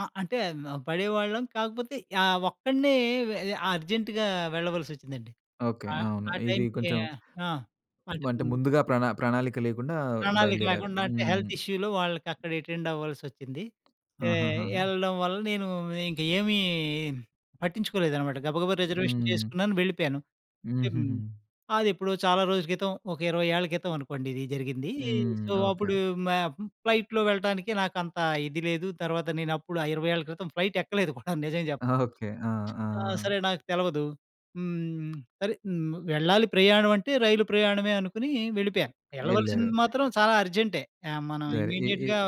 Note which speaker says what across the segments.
Speaker 1: ఆ! అంటే హ్మ్, పడేవాళ్ళం కాకపోతే ఆహ్, ఒక్కడినే వే అ అర్జెంట్‌గా వెళ్ళవలసి వచ్చిందండి.
Speaker 2: ఓకే.
Speaker 1: ఆ!
Speaker 2: అవును.
Speaker 1: ఆ
Speaker 2: ఇది
Speaker 1: టైమ్‌కి
Speaker 2: కొంచెం
Speaker 1: ఆ! అంటే
Speaker 2: మంటే
Speaker 1: హ్మ్.
Speaker 2: ముందుగా ప్రణా ప్రణాళిక లేకుండా
Speaker 1: ప్రణాళిక
Speaker 2: బయలుదేరారు.
Speaker 1: లేకుండా అంటే
Speaker 2: హ్మ్.
Speaker 1: హెల్త్ ఇష్యూలో వాళ్ళకి అక్కడ అటెండ్ అవ్వాల్సొచ్చింది. ఎ
Speaker 2: ఆహాహాహా!
Speaker 1: ఎళ్ళడం వల్ల నేను ఇంక ఏమీ పట్టించుకోలేదనమాట గబగబా రిజర్వేషన్
Speaker 2: హ్మ్.
Speaker 1: చేసుకున్నాను వెళ్ళిపోయాను. టిమ్
Speaker 2: హుహుహు.
Speaker 1: అది ఎప్పుడో చాలా రోజుల క్రితం ఒక 20 ఏళ్ల క్రితం అనుకోండి ఇది జరిగింది. సో,
Speaker 2: హ్మ్. ఓకే.
Speaker 1: అప్పుడు
Speaker 2: ఓకె.
Speaker 1: మ ఫ్లైట్‌లో వెళ్ళటానికి నాకంత ఇది లేదు. తర్వాత నేను అప్పుడు ఆ 20 ఏళ్ళ క్రితం ఫ్లైట్ ఎక్కలేదు కూడా నిజం చెప్ప
Speaker 2: ఓకే. ఆ!
Speaker 1: ఆ!
Speaker 2: ఆ!
Speaker 1: సరే నాకు తెలవదు. హ్మ్. సరే హ్మ్. వెళ్ళాలి ప్రయాణమంటే రైలు ప్రయాణమే అనుకుని వెళ్ళిపోయ. వెళ్ళవలసింది
Speaker 2: ఎళ్ళారు.
Speaker 1: మాత్రం చాలా అర్జెంటే ఆహ్, మనం
Speaker 2: సరే ఈ ఈ
Speaker 1: ఇమ్మీడియేట్‌గా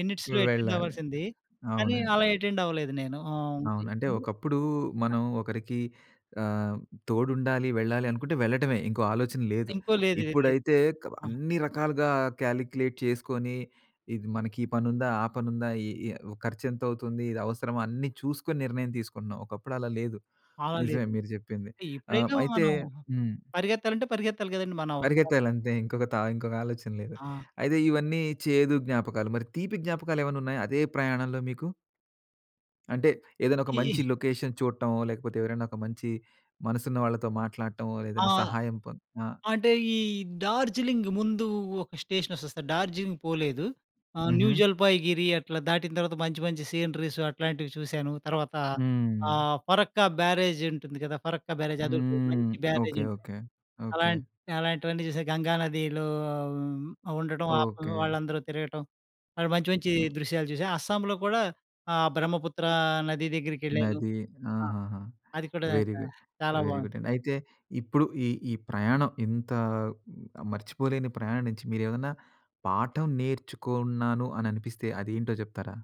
Speaker 1: మినిట్స్‌లో యటెండ్
Speaker 2: వెళ్ళాలి.
Speaker 1: అవ్వాల్సింది. కానీ
Speaker 2: అవునండి.
Speaker 1: అలా
Speaker 2: అవును.
Speaker 1: యటెండ్ అవ్వలేదు నేను. ఆహ్
Speaker 2: అవును. అంటే ఒకప్పుడు మనం ఒకరికి ఆహ్, తోడుండాలి వెళ్ళాలి అనుకుంటే వెళ్లటమే ఇంకో ఆలోచన లేదు.
Speaker 1: ఇంకో లేదు వెళ్ళేది.
Speaker 2: ఇప్పుడైతే క బ
Speaker 1: ఆ!
Speaker 2: అన్ని రకాలుగా కాలిక్యులేట్ చేసుకొని ఇది మనకి ఈ పనుందా? ఆ పనుందా? ఈ ఈ ఖర్చు ఎంతవుతుంది ఇది అవసరమా అన్నీ చూసుకొని నిర్ణయం తీసుకుంటున్నాం. ఒకప్పుడు అలా లేదు.
Speaker 1: అలా
Speaker 2: నిజమే
Speaker 1: లేదు.
Speaker 2: మీరు చెప్పింది.
Speaker 1: ఈ
Speaker 2: ఆ!
Speaker 1: ఎప్పుడైనా
Speaker 2: అయితే
Speaker 1: మనం
Speaker 2: హ్మ్.
Speaker 1: పరిగెత్తాలంటే పరిగెత్తాలి కదండీ మన అవసరాలు.
Speaker 2: పరిగెత్తాలంతే ఇంకొక త ఇంకొక ఆలోచన లేదు.
Speaker 1: ఆ!
Speaker 2: అయితే ఇవన్నీ చేదు జ్ఞాపకాలు. మరి తీపి జ్ఞాపకాలు ఏమన్నా ఉన్నాయా అదే ప్రయాణంలో మీకు? అంటే ఏదైనా ఒక మంచి
Speaker 1: ఈ
Speaker 2: లొకేషన్ చూడటమో, లేకపోతే ఎవరైనా ఒక మంచి మనసున్న వాళ్ళతో మాట్లాడటమో,
Speaker 1: ఆ!
Speaker 2: ఏదైనా సహాయం పొం ఆ!
Speaker 1: అంటే ఈ డార్జిలింగ్ ముందు ఒక స్టేషన్ వస్తుంది. డార్జీలింగ్ పోలేదు. ఆ! న్యూ
Speaker 2: హుహు.
Speaker 1: జలపాయ్ గిరి అట్లా దాటిన తర్వాత మంచి మంచి సీనరీస్ అట్లాంటివి చూసాను. తర్వాత
Speaker 2: హ్మ్.
Speaker 1: ఆహ్, పరక్కా బ్యారేజ్ ఉంటుంది గదా! పరక్కా బ్యారేజ్ అదోటి
Speaker 2: హ్మ్.
Speaker 1: మంచి
Speaker 2: ఓకే.
Speaker 1: బ్యారేజుంటు
Speaker 2: ఓకే. ఓకే.
Speaker 1: అలాంట్ అలాంటివన్నీ చూసా. గంగా నదిలో ఆ ఉండటం వాటిలో
Speaker 2: ఓకే.
Speaker 1: వాళ్ళందరూ తిరగటం. అడ మంచి మంచి
Speaker 2: హ్మ్.
Speaker 1: దృశ్యాలు చూశా. అస్సాంలో కూడా ఆహ్, బ్రహ్మపుత్ర నది దగ్గరికెళ్ళాను.
Speaker 2: నది
Speaker 1: ఆ!
Speaker 2: ఆహాహా!
Speaker 1: అది కూడా
Speaker 2: వెరీ గు
Speaker 1: ఆహ్, చాలా
Speaker 2: వెరీ
Speaker 1: బాగుంది.
Speaker 2: గుడ్డండి. అయితే ఇప్పుడు ఈ ఈ ప్రయాణం ఇంత మర్చిపోలేని ప్రయానించి మీరేమన్నా పాఠం నేర్చుకున్నాను అని అనిపిస్తే అది ఏంటో చెప్తారా?